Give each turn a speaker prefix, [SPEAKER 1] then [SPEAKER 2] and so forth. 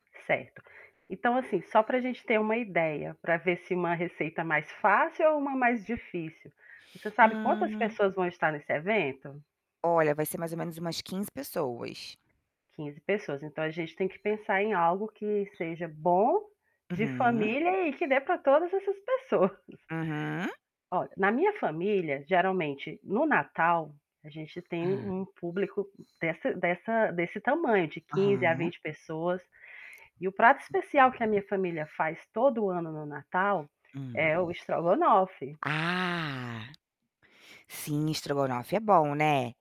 [SPEAKER 1] Certo. Então, assim, só pra gente ter uma ideia, pra ver se uma receita mais fácil ou uma mais difícil, você sabe quantas
[SPEAKER 2] Hum.
[SPEAKER 1] pessoas vão estar nesse evento?
[SPEAKER 2] Olha, vai ser mais ou menos umas 15 pessoas.
[SPEAKER 1] 15 pessoas, então, a gente tem que pensar em algo que seja bom, de
[SPEAKER 2] Aham.
[SPEAKER 1] família e que dê para todas essas pessoas.
[SPEAKER 2] Aham.
[SPEAKER 1] Olha, na minha família, geralmente no Natal, a gente tem
[SPEAKER 2] Hã.
[SPEAKER 1] um público dessa dessa desse tamanho, de 15 a
[SPEAKER 2] Aham.
[SPEAKER 1] 20 pessoas e o prato especial que a minha família faz todo ano no Natal,
[SPEAKER 2] Hã.
[SPEAKER 1] é o estrogonofe.
[SPEAKER 2] Ah, sim, estrogonofe é bom, né?